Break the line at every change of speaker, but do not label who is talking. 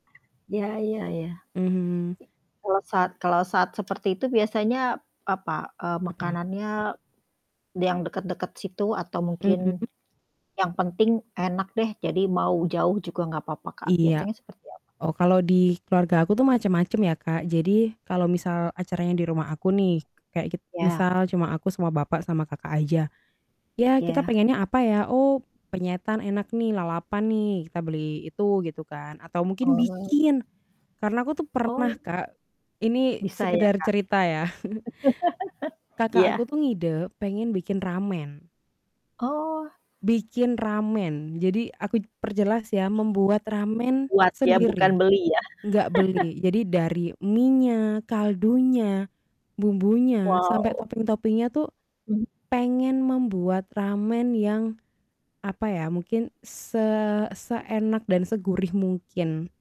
Ya ya ya.
Mhm.
Kalo sat kalo saat seperti itu biasanya apa, eee,
Apa?
makanannya yang deket-deket situ, atau
Mmm.
mungkin yang penting enak deh jadi mau jauh juga nggak papa, Kak,
Iya.
biasanya seperti apa?
Oh, kalau di keluarga aku tuh macem-macem ya, Kak, jadi kalau misal acaranya di rumah aku nih, kayak git
Iya.
misal cuma aku, sama bapak, sama kakak aja. Ya, kita
Iya.
pengennya apa, ya? Oh, penyetan enak nih, lalapan nih kita beli itu gitu kan, atau mungkin
Oh.
bikin, karena aku tuh pernah,
Oh.
Kak, ini
Bisa ya,
sekedar
Kak?
cerita, ya. kakak aku
Iya.
tuh ngide pengen bikin ramen.
Oh.
Bikin ramen. Jadi, aku perjelas, ya, membuat ramen
Buat, ya? Bukan
sendiri
beli, ya?
nggak beli. Jadi dari minya, kaldunya, bumbunya, sampai
Wow!
topping-toppingnya tuh,
Hmm.
pengen membuat ramen yang apa ya, mungkin se seenak dan segurih mungkin.